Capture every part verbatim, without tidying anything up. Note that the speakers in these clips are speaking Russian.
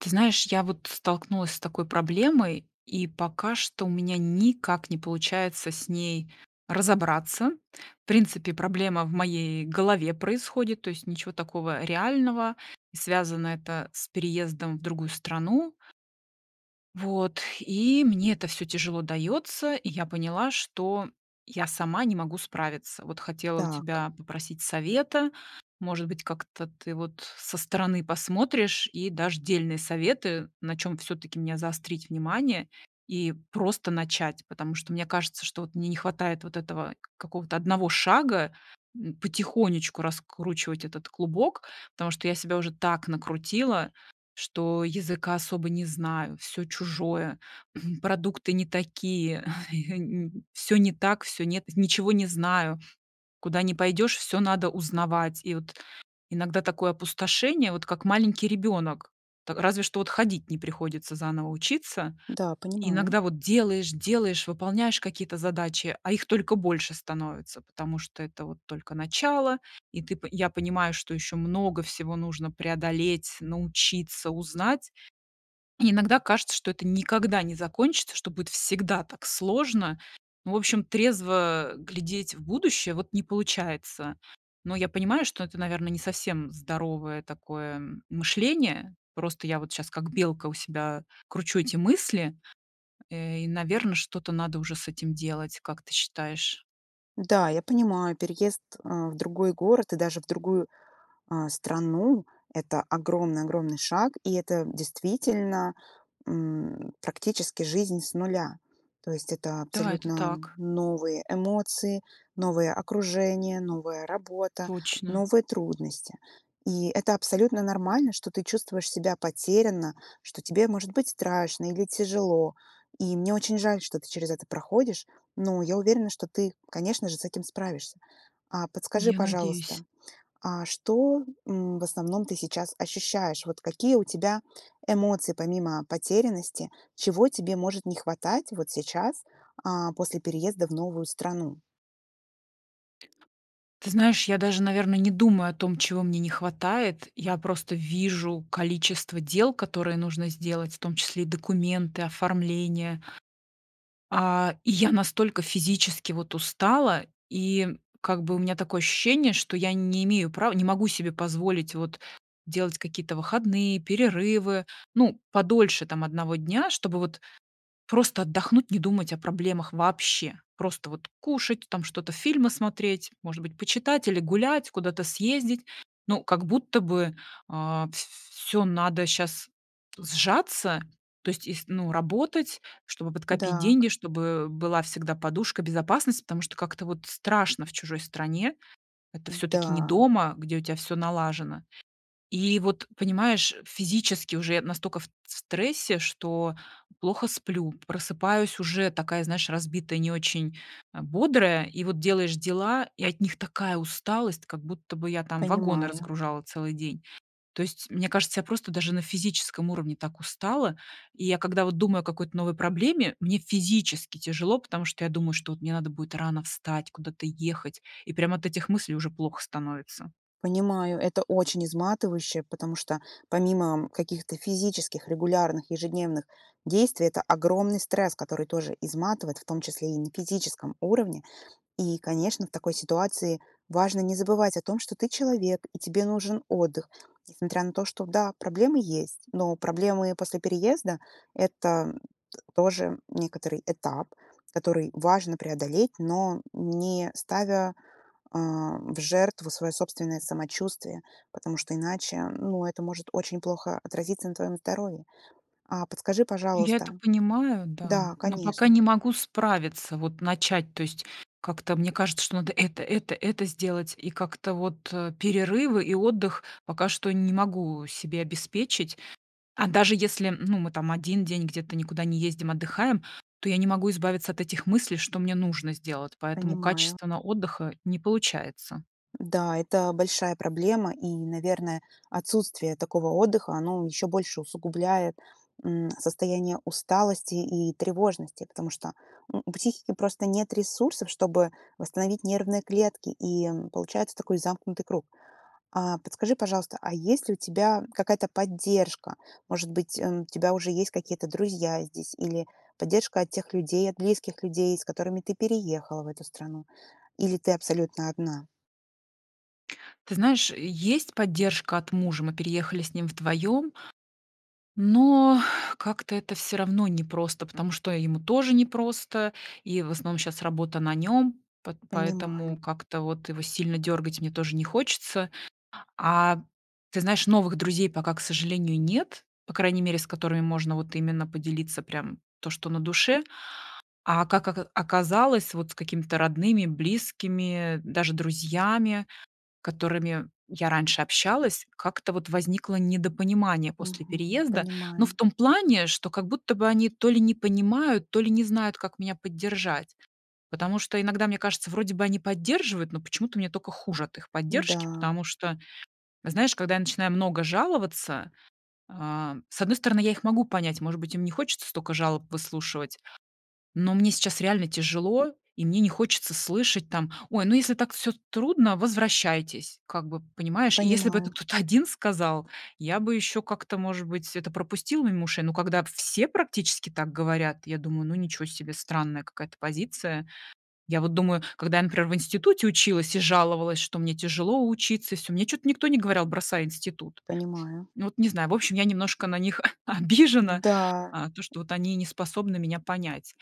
Ты знаешь, я вот столкнулась с такой проблемой, и пока что у меня никак не получается с ней разобраться. В принципе, проблема в моей голове происходит, то есть ничего такого реального. И связано это с переездом в другую страну. Вот. И мне это всё тяжело дается. И я поняла, что я сама не могу справиться. Вот хотела у Так. тебя попросить совета, может быть как-то ты вот со стороны посмотришь и дашь дельные советы. На чем всё-таки мне заострить внимание и просто начать. Потому что мне кажется, что мне не хватает вот этого какого-то одного шага, м, потихонечку раскручивать этот клубок. Потому что я себя уже так накрутила, что языка особо не знаю, всё чужое, продукты не такие, всё не так, всё нет ничего не знаю, куда не пойдешь всё надо узнавать. И вот иногда такое опустошение, вот как маленький ребенок, та разве что вот ходить не приходится заново учиться. Да, понимаю. Иногда вот делаешь, делаешь, выполняешь какие-то задачи, а их только больше становится. Потому что это вот только начало, и ты по я понимаю, что еще много всего нужно преодолеть, научиться, узнать. Иногда кажется, что это никогда не закончится, что будет всегда так сложно. В общем, трезво глядеть в будущее вот не получается. Но я понимаю, что это, наверное, не совсем здоровое такое м мышление. Просто я вот щас как белка у себя кручу эти мысли, и, наверно, что-то надо уже с этим делать, как ты считаешь? Да, я понимаю, переезд, э, в другой город и даже в другую, а, страну- это огромный огромный шаг. И это, действительно, м, практически жизнь с нуля. То есть, это Да, это абсолютно так. новые эмоции, новое окружение, новая работа, Точно. новые трудности. И это абсолютно нормально, что ты чувствуешь себя потерянно, что тебе может быть страшно или тяжело. И мне очень жаль, что ты через это проходишь. Но я уверена, что ты, конечно же, с этим справишься. А подскажи, Я надеюсь. пожалуйста, а что, м, в основном ты сейчас ощущаешь? Вот какие у тебя эмоции, помимо потерянности, чего тебе может не хватать вот сейчас, а, после переезда в новую страну? Ты знаешь, я даже, наверно, не думаю о том, чего мне не хватает. Я просто вижу количество дел, которые нужно сделать, в том числе и документы, оформление. А, и я настолько физически, вот, устала, и как бы у меня такое ощущение, что я не имею права, не могу себе позволить, вот, делать какие-то выходные, перерывы, ну, подольше, там, одного дня, чтобы вот просто отдохнуть, не думать о проблемах вообще. Просто, вот, кушать, там что-то, фильмы смотреть, может быть почитать или гулять, куда-то съездить. Ну, как будто бы, а, ф всё надо щас сжаться, то есть из ну, работать, чтобы подкопить Да к деньги, чтобы была всегда подушка безопасности, потому что как-то, вот, страшно в чужой стране, это всё-таки не М-да. дома, где у тебя всё налажено. И вот, понимаешь, физически уже я настолько ф т в стрессе, что плохо сплю, просыпаюсь уже такая, знаешь, разбитая, не очень, а, бодрая. И вот делаешь дела, и от них такая усталость, как будто бы я, там, вагоны Понимаю. разгружала целый день. То есть, мне кажется, я просто даже на физическом уровне так устала. И я когда вот думаю о какой-то новой проблеме, мне физически тяжело, потому что я думаю, что от мне надо будет рано встать, куда-то ехать. И прямо от этих мыслей уже плохо становится. Понимаю, это очень изматывающе, потому что, помимо каких-то физических регулярных, ежедневных действий, это огромный стресс, который тоже изматывает. В том числе и на физическом уровне. И, конечно, в такой ситуации важно не забывать о том, что ты человек и тебе нужен отдых. Несмотря на то, что, да, проблемы есть. Но проблемы после переезда- это т тоже некоторый этап, который важно преодолеть, но не ставя, а, в жертву своё собственное самочувствие. Потому что иначе, ну, это может очень плохо отразиться на твоём здоровье. А подскажи, Я это пожалуйста понимаю, да, Да, но пока конечно. не могу справиться, вот начать. То есть как-то мне кажется, что надо это, это, это сделать и как-то, вот, э, перерывы и отдых пока что не могу себе обеспечить. А даже если, ну мы, там, один день где-то никуда не ездим, отдыхаем, то я не могу избавиться от этих мыслей, что мне нужно сделать, поэтому Понимаю. качественного отдыха не получается. Да, это большая проблема. И, наверное, отсутствие такого отдыха, оно ещё больше усугубляет, м, состояние усталости и тревожности. Потому что, ну, у психики просто нет ресурсов, чтобы восстановить нервные клетки. И получается такой замкнутый круг. А подскажи, пожалуйста, а есть ли у тебя какая-то поддержка? Может быть, м, у тебя уже есть какие-то друзья здесь или поддержка от тех людей, от близких людей, с которыми ты переехала в эту страну? Или ты абсолютно одна? Ты знаешь, есть поддержка от мужа, мы переехали с ним вдвоем. Но как-то это всё равно непросто, потому что ему тоже непросто. И в основном сейчас работа на нем, п Понимаю. поэтому как-то вот его сильно дергать мне тоже не хочется. А, ты знаешь, новых друзей пока, к сожалению, нет. По крайней мере, с которыми можно вот именно поделиться прям то, что на душе. А как ока оказалось, с какими-то родными, близкими, даже друзьями, с которыми я раньше общалась, как-то вот возникло недопонимание после Мгм. переезда. Но в Понимаю. том плане, что как будто бы они то ли не понимают, то ли не знают, как меня поддержать. Потому что иногда мне кажется, вроде бы они поддерживают, но почему-то мне только хуже от их поддержки. Да. Потому что, знаешь, когда я начинаю много жаловаться, а, с одной стороны, я их могу понять, может быть им не хочется столько жалоб выслушивать, но мне сейчас реально тяжело и мне не хочется слышать там: "Ой, ну если так всё трудно, возвращайтесь". Как бы понимаешь. И если бы это Понимаю. кто-то один сказал, я бы еще как-то может быть это пропустил мимо ушей. Но когда все практически так говорят, я думаю: "Ну, ничего себе, странная какая-то позиция". Я вот думаю, когда я, например, в институте училась и жаловалась, что мне тяжело учиться, всё мне что-то никто не говорил: "бросай институт". Понимаю. Ну, вот не знаю в общем, я немножко на них о обижена, Да. а, то что вот они не способны меня понять.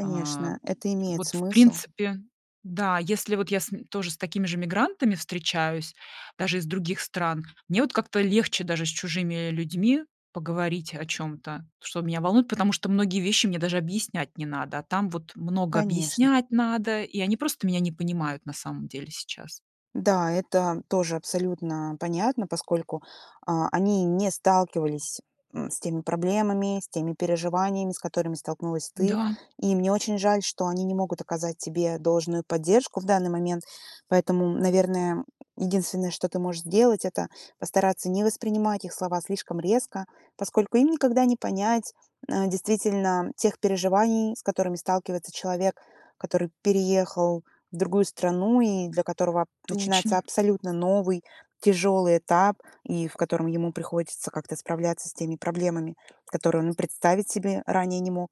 А, это имеет вот в смысл. принципе да, если вот я с тоже с такими же мигрантами встречаюсь, даже из других стран, мне вот как-то легче даже с чужими людьми поговорить о чем-то, что меня волнует. Потому что многие вещи мне даже объяснять не надо, а там вот много Конечно. объяснять надо, и они просто меня не понимают на самом деле сейчас. Да, это тоже абсолютно понятно, поскольку, а, они не сталкивались, м, с теми проблемами, с теми переживаниями, с которыми столкнулась ты. Да. И мне очень жаль, что они не могут оказать тебе должную поддержку в данный момент. Поэтому, наверное, единственное, что ты можешь сделать, это постараться не воспринимать их слова слишком резко. Поскольку им никогда не понять, э, действительно тех переживаний, с которыми сталкивается человек, который переехал в другую страну и для которого начинается Точно! абсолютно новый тяжелый этап и в котором ему приходится как-то справляться с теми проблемами, которые он и представить себе ранее не мог.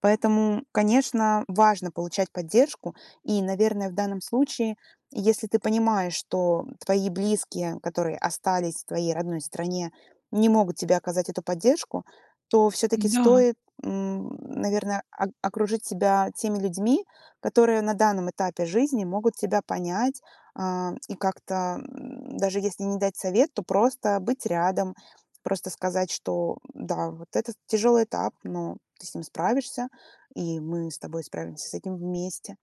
Поэтому, конечно, важно получать поддержку. И, наверное, в данном случае, если ты понимаешь, что твои близкие, которые остались в твоей родной стране, не могут тебе оказать эту поддержку, то всё-таки Н-да. стоит, м, наверное, ок окружить себя теми людьми, которые на данном этапе жизни могут тебя понять, а, и как-то, м, даже если не дать совет, то просто быть рядом. Просто сказать, что, да, вот это тяжелый этап, но ты с ним справишься и мы с тобой справимся с этим вместе.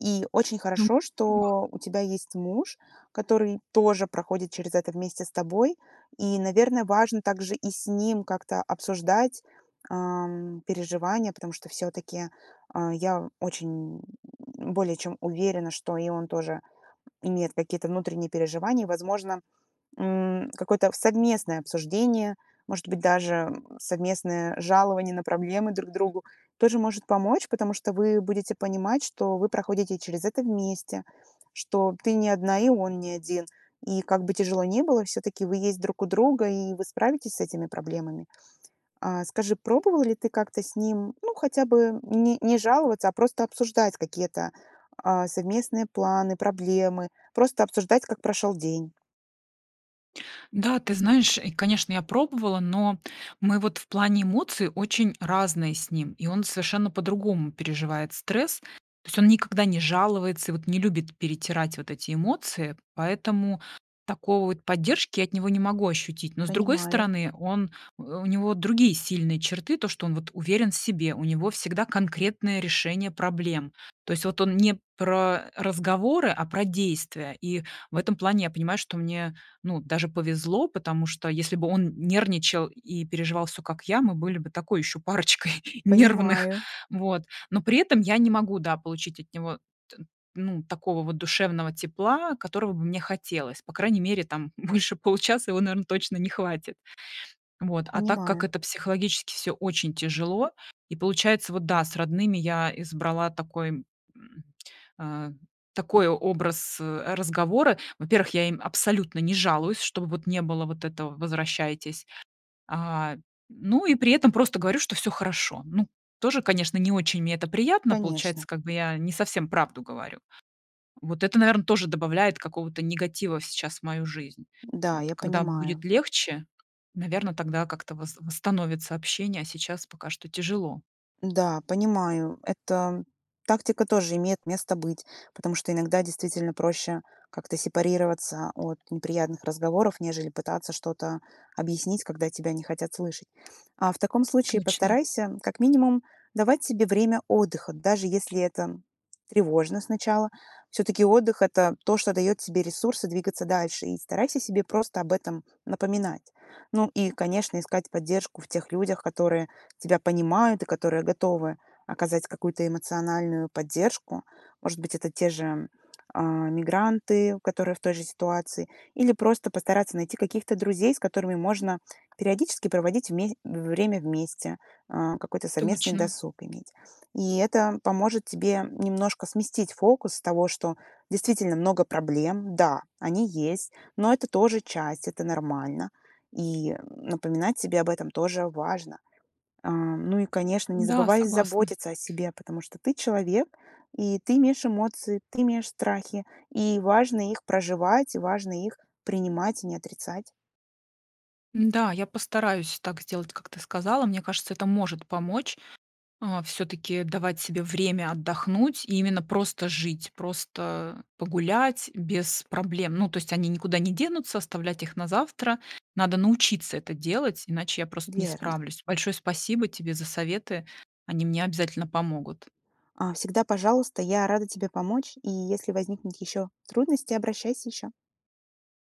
И очень Ду хорошо, уа. что у тебя есть муж, который тоже проходит через это вместе с тобой. И, наверное, важно также и с ним как-то обсуждать, а, переживания, потому что всё-таки, а, я очень более чем уверена, что и он тоже имеет какие-то внутренние переживания. Возможно, м, какое-то совместное обсуждение, может быть даже совместное жалование на проблемы друг другу тоже может помочь. Потому что вы будете понимать, что вы проходите через это вместе, что ты не одна и он не один. И как бы тяжело не было, всё-таки вы есть друг у друга и вы справитесь с этими проблемами. А, скажи, пробовал ли ты как-то с ним? Ну, хотя бы не не жаловаться, а просто обсуждать какие-то, а, совместные планы, проблемы, просто обсуждать как прошел день? Да, ты знаешь, и, конечно, я пробовала, но мы вот в плане эмоций очень разные с ним и он совершенно по-другому переживает стресс. То есть он никогда не жалуется и не любит перетирать вот эти эмоции. Поэтому такой вот поддержки я от него не могу ощутить. Но с другой Понимаю. стороны, он у у него другие сильные черты, то, что он вот уверен в себе, у него всегда конкретное решение проблем. То есть вот он не про разговоры, а про действия. И в этом плане я понимаю, что мне, ну, даже повезло. Потому что, если бы он нервничал и переживал всё как я, мы были бы такой еще парочкой нервных. Понимаю. Вот. Но при этом я не могу, да, получить от него т ну, такого вот душевного тепла, которого бы мне хотелось. По крайней мере, там больше получаса его, наверное, точно не хватит. Вот, а так как Понимаю. это психологически всё очень тяжело, и получается вот, да, с родными я избрала такой, м, а, такой образ, а, разговора. Во-первых, я им абсолютно не жалуюсь, чтобы вот не было вот этого- возвращайтесь. А, ну и при этом просто говорю, что всё хорошо. Ну, тоже, конечно, не очень мне это приятно, получается, Конечно. как бы я не совсем правду говорю. Вот это, наверное, тоже добавляет какого-то негатива сейчас в мою жизнь. Да, Вот я когда будет понимаю. легче, наверное, тогда как то вост восстановится общение, а сейчас пока что тяжело. Да, понимаю. Эта тактика тоже имеет место быть. Потому что иногда, действительно, проще как-то сепарироваться от неприятных разговоров, нежели пытаться что-то объяснить, когда тебя не хотят слышать. А в таком случае Точно. постарайся как минимум давать себе время отдыха, даже если это тревожно сначала. Всё-таки отдых- это то, что дает тебе ресурсы двигаться дальше. И старайся себе просто об этом напоминать. Ну и, конечно, искать поддержку в тех людях, которые тебя понимают и которые готовы оказать какую-то эмоциональную поддержку. Может быть, это те же, а, мигранты, которые в той же ситуации. Или просто постараться найти каких-то друзей, с которыми можно периодически проводить вме время вместе, э, какой-то совместный Точно. досуг иметь. И это поможет тебе немножко сместить фокус с того, что действительно много проблем. Да, они есть, но это тоже часть, это нормально. И, э, напоминать себе об этом тоже важно. Ам, ну и, конечно, не Да, забывай согласна. заботиться о себе, потому что ты человек, и ты имеешь эмоции, ты имеешь страхи. И важно их проживать, важно их принимать и не отрицать. Н-да, я постараюсь так сделать, как ты сказала. Мне кажется, это может помочь, а, всё-таки давать себе время отдохнуть и именно просто жить, просто погулять без проблем. Ну, то есть они никуда не денутся, оставлять их на завтра. Надо научиться это делать, иначе я просто не Верно. справлюсь. Большое спасибо тебе за советы. Они мне обязательно помогут. А, всегда пожалуйста, я рада тебе помочь. И если возникнут еще трудности, обращайся ещё.